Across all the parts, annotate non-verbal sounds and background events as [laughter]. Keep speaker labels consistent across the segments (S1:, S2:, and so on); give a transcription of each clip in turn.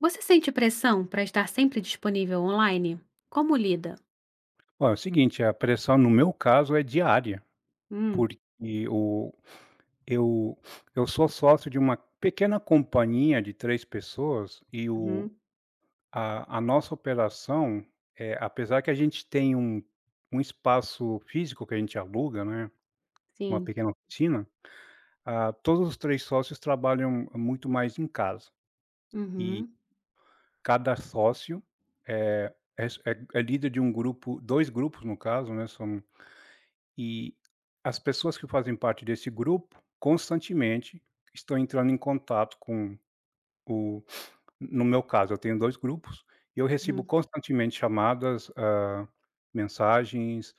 S1: Você sente pressão para estar sempre disponível on-line? Como lida?
S2: Ó, é o seguinte, a pressão, no meu caso, é diária,
S1: Hum.
S2: porque o eu [sniffs] eu sou sócio de uma pequena companhia de 3 pessoas, e o
S1: Uhum.
S2: a a nossa operação é apesar que a gente tem um um espaço físico que a gente aluga, né, uma
S1: Sim.
S2: pequena oficina. Ah, todos os 3 sócios trabalham muito mais em casa. E
S1: Uhum.
S2: cada sócio é é s é é líder de um grupo, 2 grupos, no caso, né, são e as pessoas que fazem parte desse grupo, constantemente estão entrando em contato com o [sniffs] no meu caso, eu tenho 2 grupos, e eu recebo
S1: Uhum.
S2: constantemente chamadas, ah, mensagens,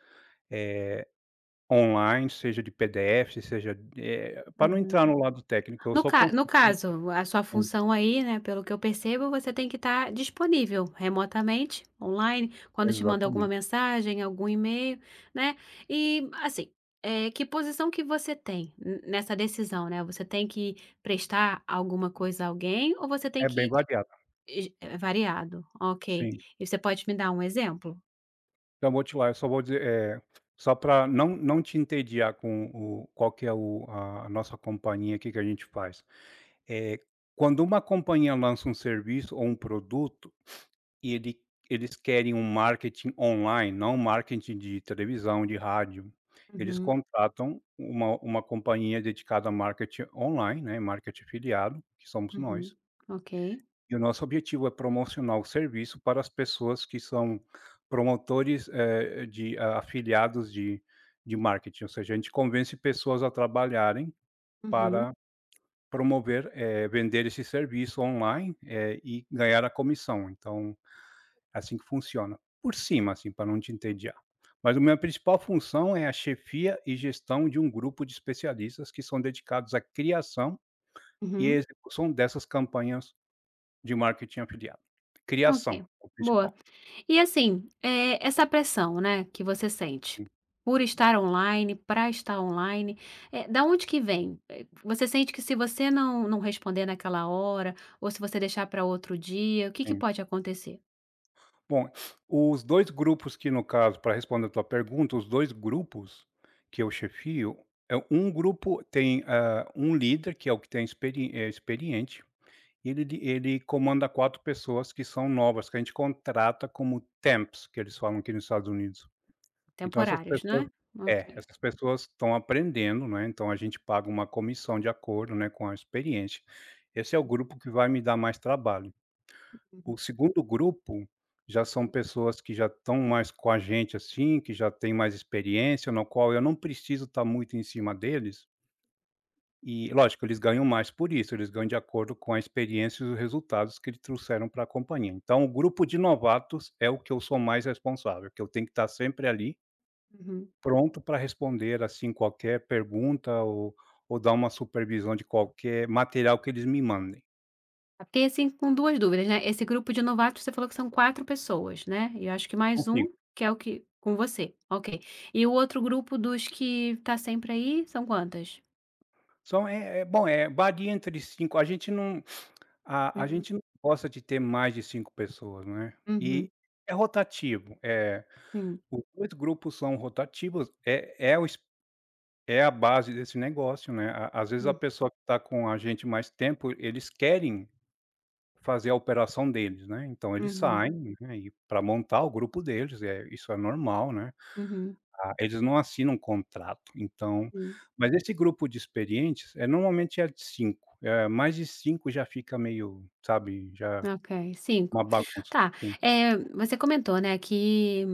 S2: eh, on-line, seja de PDFs, seja, eh, para não
S1: Uhum.
S2: entrar no lado técnico, eu
S1: No
S2: sou
S1: ca no
S2: construtor.
S1: caso, a sua
S2: Sim.
S1: função, aí, né, pelo que eu percebo, você tem que estar disponível remotamente, on-line, quando eu te mando alguma
S2: Exatamente.
S1: mensagem, algum e-mail, né. E, assim, eh, que posição que você tem n nessa decisão, né, você tem que prestar alguma coisa a alguém, ou você tem
S2: É bem
S1: que
S2: variado.
S1: [unintelligible] é variado. Ok,
S2: Sim.
S1: e você pode me dar um exemplo?
S2: Então vou te lá eu só vou dizer, eh, só pra não não te entediar com o qual que é o a a nossa companhia, que que a gente faz. Eh, quando uma companhia lança um serviço, ou um produto, [sniffs] e ele eles querem um marketing online, não um marketing de televisão, de rádio, eles
S1: Uhum.
S2: contratam uma uma companhia dedicada a marketing online, né, marketing afiliado, que somos
S1: Uhum.
S2: nós
S1: Ok.
S2: e o nosso objetivo é promocionar o serviço para as pessoas que são promotores, eh, de afiliados de de marketing, ou seja, a gente convence pessoas a trabalharem
S1: Uhum.
S2: para promover, eh, vender esse serviço online, eh, e ganhar a comissão. Então, assim que funciona, por cima, assim, pra não te entediar. Mas a minha principal função é a chefia e gestão de um grupo de especialistas que são dedicados à criação e
S1: Uhum.
S2: execução dessas campanhas de marketing afiliado.
S1: Ok,
S2: Criação, o
S1: boa.
S2: principal.
S1: E assim, eh, essa pressão, né, que você sente, por estar online, pra estar online, eh, da onde que vem? Eh, p você sente que se você não não responder naquela hora, ou se você deixar para outro dia, o que que
S2: Sim.
S1: pode acontecer?
S2: Bom, [sniffs] os 2 grupos que, no caso, pra responder a tua pergunta, os 2 grupos que eu chefio, eh, 1 grupo tem, ah, 1 líder, que é o que tem experi eh, experiente, e ele d ele comanda 4 pessoas que são novas, que a gente contrata como temps, que eles falam aqui nos Estados Unidos. Então essas
S1: Temporários,
S2: pessoas
S1: né.
S2: é,
S1: Ok.
S2: essas pessoas estão aprendendo, não é, então a gente paga uma comissão de acordo, né, com a experiência. Esse é o grupo que vai me dar mais trabalho. O 2º grupo, já são pessoas que já estão mais com a gente, assim, que já têm mais experiência, no qual eu não preciso estar muito em cima deles E lógico, eles ganham mais por isso, eles ganham de acordo com a experiência, e os resultados que eles trouxeram para a companhia. Então o grupo de novatos, é o que eu sou mais responsável, que eu tenho que estar sempre ali
S1: Uhum.
S2: pronto para responder, assim, qualquer pergunta, ou ou dar uma supervisão, de qualquer material que eles me mandem.
S1: Fiquei assim, com 2 dúvidas, né, esse grupo de novatos, você falou que são 4 pessoas, né, e eu acho que
S2: São
S1: mais
S2: 5.
S1: 1, que é o que com você, ok, e o outro grupo dos que está sempre aí são quantas?
S2: São, eh, é bom, é bague entre 5 a gente não [sniffs] ah, a
S1: Hum.
S2: gente não gosta de ter mais de 5 pessoas, não é? E
S1: Uhum.
S2: é rotativo, eh,
S1: Sim.
S2: os 2 grupos são rotativos, é é o es é a base desse negócio, né, a às vezes a
S1: Hum.
S2: pessoa que tá com a gente mais tempo, eles querem fazer a operação deles, né. Então eles
S1: Uhum.
S2: saem, né, e para montar o grupo deles, é isso é normal, né,
S1: Uhum.
S2: ah, eles não assinam contrato, então
S1: Sim.
S2: mas esse grupo de experientes, é normalmente é de 5. Eh mais de 5, já fica meio, sabe, já
S1: Ok, 5
S2: uma bagunça,
S1: tá,
S2: hum.
S1: eh, você comentou, né, que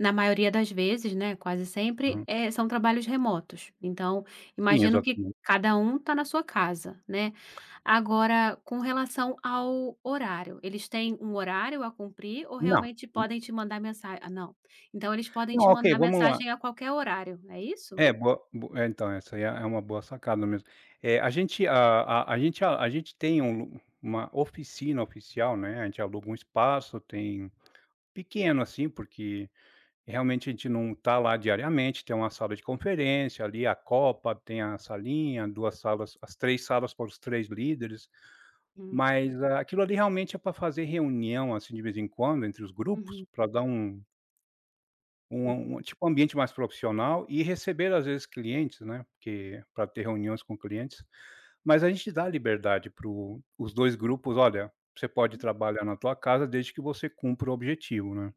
S1: na maioria das vezes, né quase sempre,
S2: Hum.
S1: eh, são trabalhos remotos. Então,
S2: Sim,
S1: imagino que
S2: exatamente.
S1: cada um está na sua casa, né. Agora, com relação ao horário, eles têm um horário a cumprir ou
S2: Não,
S1: realmente
S2: hum.
S1: podem te mandar mensa ah, não. Então, eles podem
S2: Não
S1: te
S2: OK,
S1: mandar
S2: vamos lá.
S1: mensagem a qualquer horário. É isso?
S2: É boa, bo é, então essa aí é é uma boa sacada mesmo. É a gente ah ah, a gente a gente tem um uma oficina oficial, né a gente aluga um espaço, tem pequeno assim, porque realmente a gente não está lá diariamente, tem uma sala de conferência ali, a copa, tem a salinha, 2 salas as 3 salas para os 3 líderes.
S1: Hum.
S2: Mas aquilo ali realmente é pra fazer reunião, assim, de vez em quando, entre os grupos
S1: Uhum.
S2: para dar um uma
S1: Hum.
S2: um tipo um ambiente mais profissional e receber às vezes clientes, né, porque para ter reuniões com clientes. Mas a gente dá a liberdade, para os 2 grupos. Olha, você pode
S1: Hum.
S2: trabalhar na tua casa, desde que você cumpra o objetivo, né,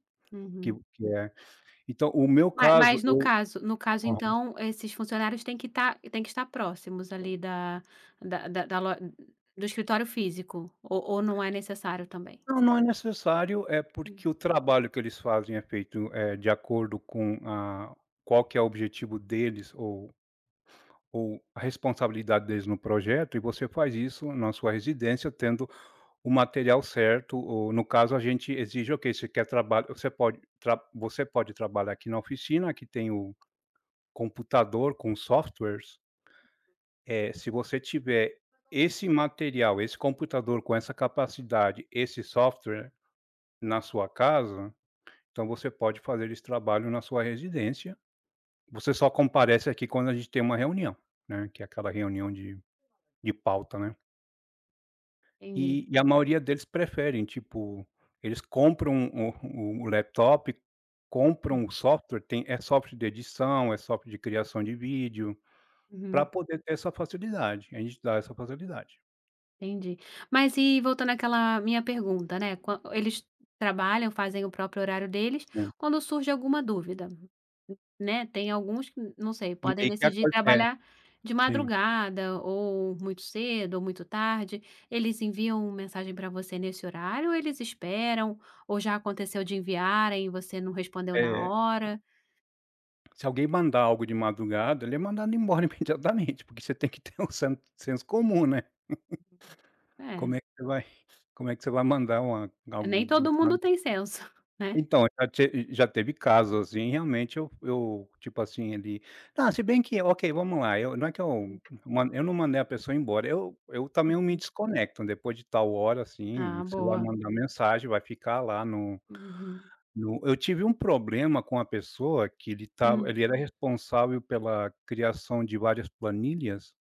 S2: que
S1: Uhum.
S2: o que é. Então o meu
S1: Ma
S2: caso
S1: mas no
S2: eu
S1: caso no caso,
S2: aham.
S1: então esses funcionários têm que estar têm que estar próximos, ali da da da da lo do escritório físico ou ou não é necessário também?
S2: Não, não é necessário, eh, porque o
S1: Uhum.
S2: trabalho que eles fazem é feito, eh, de acordo com a qual que é o objetivo deles ou ou a responsabilidade deles no projeto. E você faz isso na sua residência, tendo o material certo ou no caso, a gente exige Ok, você quer trabalho, você pode tra você pode trabalhar aqui na oficina, aqui tem o computador com softwares eh se você tiver esse material, esse computador com essa capacidade, esse software na sua casa, então você pode fazer esse trabalho na sua residência. Você só comparece aqui, quando a gente tem uma reunião, né, que é aquela reunião de de pauta, né?
S1: Entendi.
S2: E e a maioria deles preferem, tipo, eles compram o o o laptop,
S1: Hum.
S2: compram o software, tem é software de edição, é software de criação de vídeo, pra
S1: Uhum.
S2: poder ter essa facilidade, a gente dá essa facilidade.
S1: Entendi. Mas e voltando àquela minha pergunta, né, quan eles trabalham, fazem o próprio horário deles,
S2: Sim.
S1: quando surge alguma dúvida, né, tem alguns que, não sei,
S2: E
S1: podem
S2: aí, que
S1: decidir
S2: aconte
S1: trabalhar de
S2: sim.
S1: madrugada, ou muito cedo, ou muito tarde. Eles enviam mensagem para você nesse horário, ou eles esperam, ou já aconteceu de enviarem, e você não respondeu na
S2: É.
S1: hora?
S2: Se alguém mandar algo de madrugada, ele é mandado embora imediatamente, [chuckles] porque você tem que ter um sens senso comum, né. [laughs] Como
S1: É.
S2: é que você vai como é que você vai mandar uma
S1: Nem todo mundo
S2: [unintelligible]
S1: tem senso, né.
S2: Então, já te já teve casos, assim, realmente, eu eu, tipo assim, ele ah, se bem que, ok, vamos lá, eu não é que
S1: Hum.
S2: eu man eu não mandei a pessoa ir embora. Eu eu também, eu me
S1: Uhum.
S2: desconecto, depois de tal hora, assim,
S1: Ah,
S2: você vai
S1: boa.
S2: mandar mensagem, vai ficar lá no
S1: Uhum.
S2: no eu tive um problema com a pessoa, que ele estava
S1: Hum.
S2: ele era responsável pela criação de várias planilhas,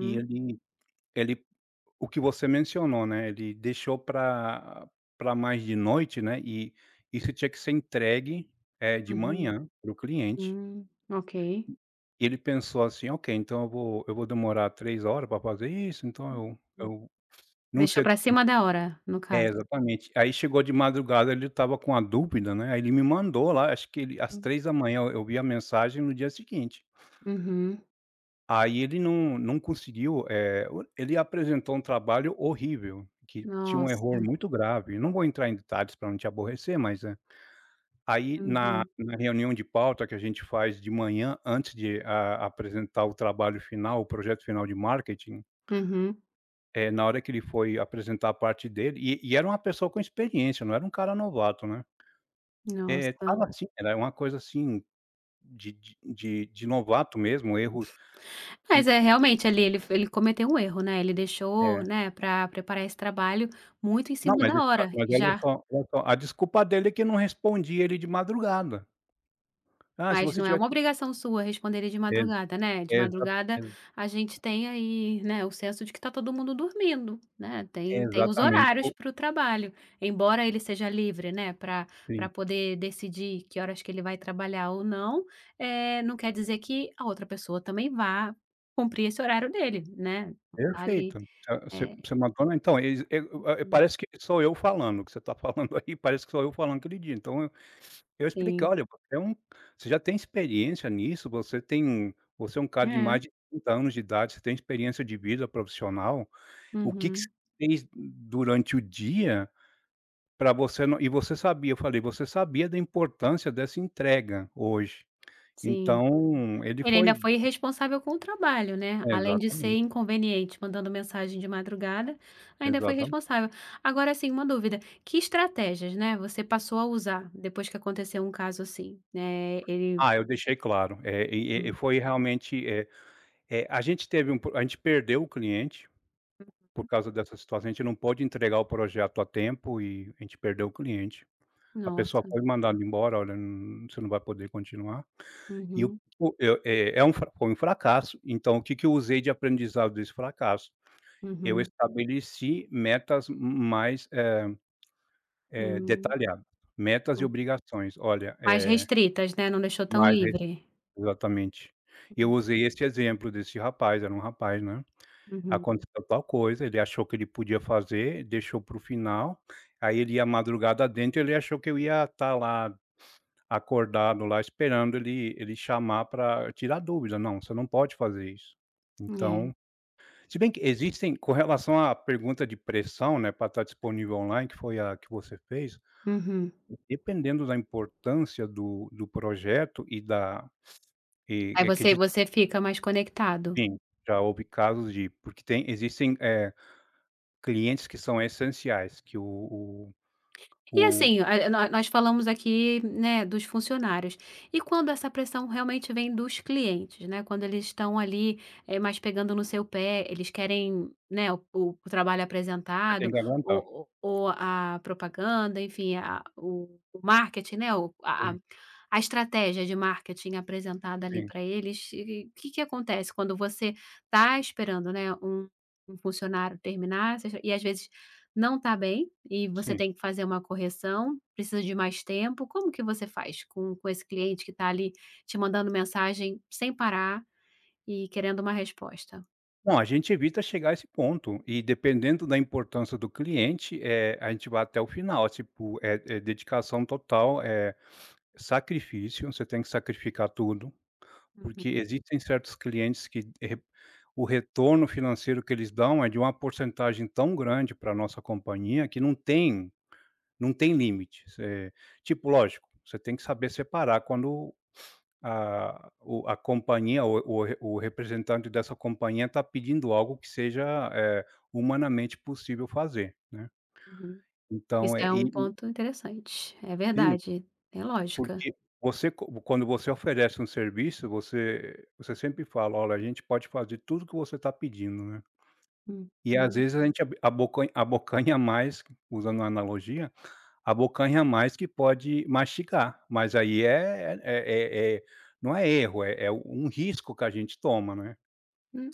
S2: e ele ele, o que você mencionou, né, ele deixou pra pra mais de noite, né, e isso tinha que ser entregue, eh, de
S1: Uhum.
S2: manhã, para o cliente
S1: Hum, ok.
S2: ele pensou assim: "Ok, então eu vou eu vou demorar 3 horas para fazer isso, então eu
S1: Hum.
S2: eu, não sei
S1: Deixou
S2: o que"
S1: pra cima da hora, no
S2: é,
S1: caso?
S2: exatamente. Aí chegou de madrugada, ele estava com uma dúvida, né, aí ele me mandou lá, acho que ele às
S1: Hum.
S2: 3h, eu eu vi a mensagem no dia seguinte.
S1: Uhum.
S2: Aí ele não não conseguiu, eh, o ele apresentou um trabalho horrível, que tinha um erro
S1: Nossa.
S2: muito grave. Não vou entrar em detalhes para não te aborrecer, mas é. Aí na
S1: Uhum.
S2: na reunião de pauta, que a gente faz de manhã, antes de a apresentar o trabalho final, o projeto final de marketing
S1: Uhum.
S2: eh, na hora que ele foi apresentar a parte dele e e era uma pessoa com experiência, não era um cara novato, né. É,
S1: Nossa.
S2: estava assim, era uma coisa assim, de de de de novato mesmo, erros
S1: Mas é, realmente, ali, ele f ele cometeu um erro, né. Ele deixou,
S2: É.
S1: né, para preparar esse trabalho muito em
S2: Não,
S1: cima
S2: mas
S1: da
S2: isso, ah,
S1: hora,
S2: mas ele
S1: já
S2: só ele só a desculpa dele é que não respondia ele de madrugada. Ah, se
S1: Mas
S2: você
S1: não é uma
S2: tivesse
S1: obrigação sua responder ele de
S2: Ex
S1: madrugada, né. De
S2: exata
S1: madrugada,
S2: e
S1: a gente tem aí, né, o senso de que tá todo mundo dormindo, né. Tem tem os
S2: Exatamente,
S1: horários
S2: o
S1: para o trabalho. Embora ele seja livre, né, pra pra
S2: Sim.
S1: poder decidir que horas que ele vai trabalhar ou não, eh, não quer dizer que a outra pessoa também vá cumprir esse horário dele, né, tá ali.
S2: Perfeito. Você é você
S1: É
S2: você mandou então eles e o é,
S1: Uhum.
S2: parece que sou eu falando, o que você está [chuckles] falando aí, parece que sou eu falando aquele dia. Então eu eu expliquei:
S1: Sim.
S2: "Olha, você é um você já tem experiência nisso. Você tem um você é um cara de
S1: É.
S2: mais de 30 anos de idade, você tem experiência de vida profissional. O que que você
S1: Uhum.
S2: fez durante o dia para você não e você sabia", eu falei, "você sabia da importância dessa entrega hoje",
S1: Sim.
S2: então, ele
S1: Ele ainda
S2: foi
S1: foi irresponsável com o trabalho, né. Além de ser
S2: Exatamente.
S1: inconveniente, mandando mensagem de madrugada, ainda foi
S2: Exatam
S1: irresponsável. Agora assim, uma dúvida: Que estratégias, né, você passou a usar depois que aconteceu um caso assim, né, ele
S2: Ah, eu deixei claro. É, e e e
S1: Hum.
S2: foi realmente, eh eh, a gente teve um pro a gente perdeu o cliente por
S1: Uhum.
S2: causa dessa situação. A gente não pôde entregar o projeto a tempo, e a gente perdeu o cliente. A pessoa
S1: Nossa.
S2: foi mandada embora, "Olha n você não vai poder continuar". E eu
S1: Uhum.
S2: o eu, é é um fra foi um fracasso. Então o que que eu usei de aprendizado desse fracasso, eu
S1: Uhum.
S2: estabeleci metas m mais, eh eh,
S1: Hum.
S2: detalhado. Metas e
S1: Hum.
S2: obrigações. Olha,
S1: Mais
S2: eh
S1: restritas, né, não deixou tão
S2: Mas e
S1: livre.
S2: exatamente. Eu
S1: Hum.
S2: usei esse exemplo, desse rapaz, era um rapaz, né.
S1: Uhum.
S2: "Aconteceu tal coisa, ele achou que ele podia fazer, deixou para o final. Aí ele ia madrugada adentro, ele achou que eu ia estar lá, acordado lá, esperando ele ele chamar para tirar dúvida. Não, você não pode fazer isso".
S1: É.
S2: Então se bem que existem, com relação à pergunta de pressão, né, para estar disponível on-line, que foi a que você fez,
S1: Uhum.
S2: dependendo da importância do do projeto, e da e
S1: Aí
S2: é que
S1: você
S2: d
S1: você fica mais conectado.
S2: Sim, já houve casos de porque tem existem, eh, clientes que são essenciais, que o o
S1: E
S2: o
S1: assim, eh, nó nós falamos aqui, né, dos funcionários. E quando essa pressão, realmente, vem dos clientes, né, quando eles estão, ali, eh, mais pegando no seu pé, eles querem, né, o o o trabalho
S2: Você tem
S1: apresentado,
S2: que aguentar.
S1: ou o ou a propaganda, enfim, a o o marketing, né, o a a
S2: Sim.
S1: a estratégia de marketing apresentada, ali,
S2: Sim.
S1: para eles, e que que que acontece quando você está esperando, né, um um funcionário terminar [unintelligible] e às vezes não tá bem, e você
S2: Sim.
S1: tem que fazer uma correção, precisa de mais tempo. Como que você faz com com esse cliente que está, ali, te mandando mensagem sem parar e querendo uma resposta?
S2: Bom, a gente evita chegar a esse ponto. E, dependendo da importância do cliente, eh, a gente vai até o final. Tipo, é é dedicação total, é, sacrifício. Você tem que sacrificar tudo, porque,
S1: Uhum.
S2: existem certos clientes que re o retorno financeiro que eles dão, é, de uma porcentagem, tão grande para a nossa companhia, que não tem não tem limites. É, tipo, lógico, você tem que saber separar quando a o a companhia, o o o representante dessa companhia, tá pedindo algo que seja, eh, humanamente, possível fazer, né.
S1: Uhum. Isso,
S2: Então, é,
S1: é
S2: e
S1: um
S2: e
S1: ponto interessante. É
S2: Sim,
S1: verdade. Tem lógica.
S2: porque, você co quando você oferece um serviço, você você sempre fala: "Olha, a gente pode fazer tudo o que você tá pedindo", né. E, às
S1: Uhum.
S2: vezes, a gente ab abocan abocanha mais, usando a analogia, abocanha mais, que pode mastigar. Mas, aí, é é é é é, não é erro, é é um risco que a gente toma, não é?
S1: Hum.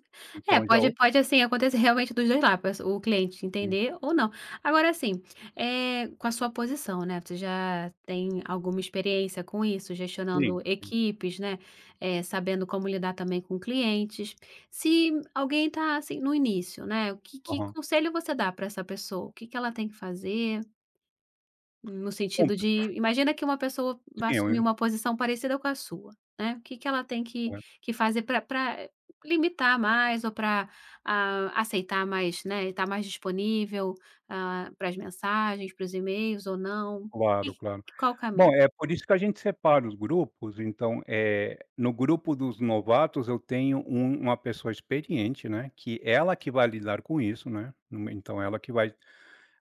S1: É,
S2: Então, já,
S1: pode
S2: o
S1: pode, assim, acontecer, realmente, dos 2 la p o cliente
S2: Sim.
S1: entender ou, não. Agora, assim, eh, com a sua posição, né. Você, já, tem alguma experiência com isso,
S2: Sim.
S1: gestionando
S2: Sim.
S1: equipes, né. Eh, sabendo como lidar, também, com clientes. Se alguém tá, assim, no início, né, o que que
S2: Aham.
S1: conselho você dá pra essa pessoa? O que, que ela tem que fazer? No sentido de, imagina que uma pessoa vai
S2: Sim, eu
S1: assumir
S2: eu
S1: uma posição parecida com a sua, né, o que que ela tem que que fazer para para limitar mais, ou para, ah, aceitar mais, né, e tá mais disponível, ah, para as mensagens, para os e-mails, ou não. E
S2: Claro, claro.
S1: e qual o
S2: Bom,
S1: caminho?
S2: é por isso que a gente separa os grupos. Então, eh, no grupo dos novatos, eu tenho u uma pessoa experiente, né, que ela que vai lidar com isso, né. No me então ela que vai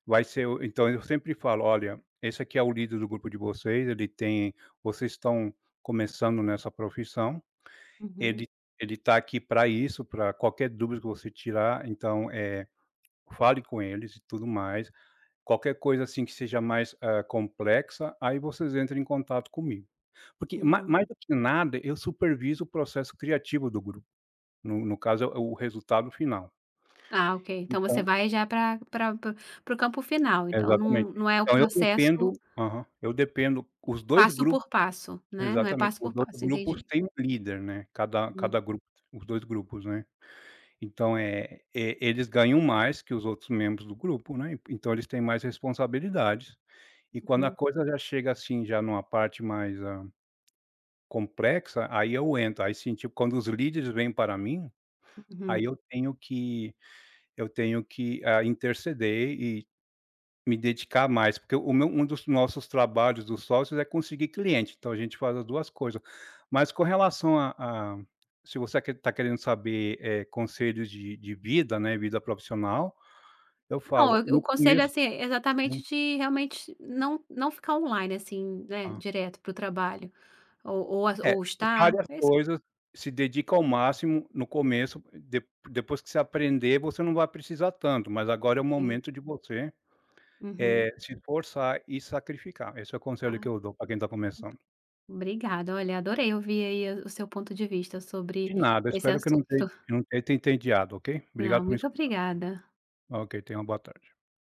S2: vai ser o então eu sempre falo: "Olha, esse aqui é o líder do grupo de vocês. Ele tem vocês estão começando nessa profissão,
S1: Uhum.
S2: ele ele está aqui para isso, para qualquer dúvida que você tirar. Então, eh, fale com eles, e tudo mais. Qualquer coisa, assim, que seja mais, eh, complexa, aí vocês entram em contato comigo". Porque ma
S1: Uhum.
S2: mais do que nada, eu supervisiono o processo criativo do grupo. No no caso é o é o resultado final.
S1: Ah, ok. Então você
S2: Então
S1: vai já para para para para o campo final, então
S2: Exatamente.
S1: não não é o
S2: Então eu
S1: processo
S2: dependo aham, eu dependo, os 2
S1: passo
S2: grupo
S1: por passo, né. Não é
S2: exatamente,
S1: passo por
S2: os outros
S1: passo,
S2: grupos
S1: entendi.
S2: têm um líder, né. Cada cada
S1: Hum.
S2: grupo, os 2 grupos, né. Então é é, eles ganham mais que os outros membros do grupo, né, então eles têm mais responsabilidades. E quando a
S1: Uhum.
S2: coisa já chega, assim, já numa parte mais, ah, complexa, aí eu entro, aí sim, tipo, quando os líderes vêm para mim, aí
S1: Uhum.
S2: eu tenho que eu tenho que, ah, interceder e me dedicar mais, porque o meu um dos nossos trabalhos dos sócios, é conseguir cliente, então a gente faz as 2 coisas. Mas com relação a a, se você quer tá querendo saber, eh, conselhos de de vida, né, vida profissional, eu
S1: Não,
S2: falo,
S1: o o
S2: no
S1: conselho é
S2: começo
S1: assim, exatamente de, realmente, não não ficar on-line, assim, né,
S2: Ah.
S1: direto, para o trabalho, ou ou a
S2: É,
S1: ou estar,
S2: separe as
S1: é isso
S2: coisas, se dedica ao máximo no começo de depois que você aprender, você não vai precisar tanto, mas agora é o
S1: Ok.
S2: momento de você,
S1: Uhum.
S2: eh, se esforçar e sacrificar. Esse é o conselho
S1: Ah.
S2: que eu dou, para quem está começando.
S1: Obrigada. Olha, adorei ouvir, aí, a o seu ponto de vista
S2: De
S1: sobre
S2: nada. Eu
S1: esse
S2: espero que não
S1: assunto.
S2: tenha que eu não tenha te entendiado, ok.
S1: Ah,
S2: Obrigado por me
S1: muito
S2: escutar.
S1: obrigada.
S2: Ok, tenha uma boa tarde.